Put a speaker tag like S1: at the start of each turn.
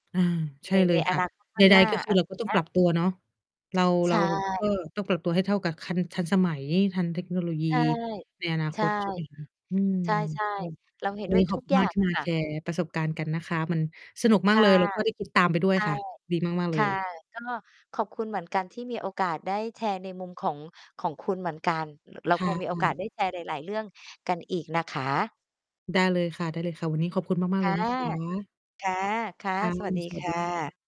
S1: อา ใช
S2: ใน
S1: ่เล
S2: ใน
S1: ย
S2: อ
S1: ค่ะ
S2: นาคตข้
S1: ใด
S2: างหน้า
S1: ๆ ก็ค
S2: อ
S1: ือ
S2: ะไ
S1: เ
S2: ร
S1: ราก็ต้
S2: เ
S1: อ
S2: ง
S1: ง
S2: ี้
S1: ป
S2: ย
S1: รับตัวเนาะ เรา
S2: ใ
S1: เ
S2: ช
S1: รา ก
S2: ่
S1: ็ต้องปรับตัวให้เท่ากับคัน ทันสมัย ทันเทคโนโลยี
S2: ใช่
S1: ในอนา
S2: ใช
S1: ค
S2: ่
S1: ต ใช่ไหมคะ อืม
S2: ใช่
S1: ก็
S2: ๆ เราเห็น
S1: วัน
S2: ด้ว
S1: นี
S2: ย
S1: ้ข
S2: ท
S1: อ
S2: ุ
S1: บ
S2: ก
S1: คุ
S2: อ
S1: ณ
S2: ย่
S1: ม
S2: า
S1: าก
S2: ง
S1: ที่
S2: อะ
S1: มา
S2: ค่ะ
S1: แชร์ประสบการณ์กันนะคะ มันสนุก
S2: ค
S1: มาก
S2: ่
S1: เ
S2: ะ
S1: ลย แล้วก็ได้คิด ตามไปด้ว
S2: ใช
S1: ย
S2: ่
S1: ค่ะ ดีมาก ๆ เ
S2: ค
S1: ล
S2: ่ะ
S1: ย
S2: ก็ขอบคุณเหมือนกันที่มีโอกาสได้แชร์ในมุม ของ ของคุณเหมือนกัน ร เรา
S1: ค
S2: ค
S1: ่
S2: งมีโอ
S1: ะ
S2: กาส
S1: ๆ
S2: ได้แชร์หลาย ๆ เรื่องกันอีกนะคะ
S1: ได้เลยค่ะ ๆ วันนี้ขอบคุณมา
S2: ค
S1: ก ๆ เล
S2: ่ะ
S1: ยนะคะ
S2: ค่ะ ค่ะ
S1: ค่ะ
S2: สวัสดี
S1: สว
S2: ค
S1: ัสดี
S2: ่ะ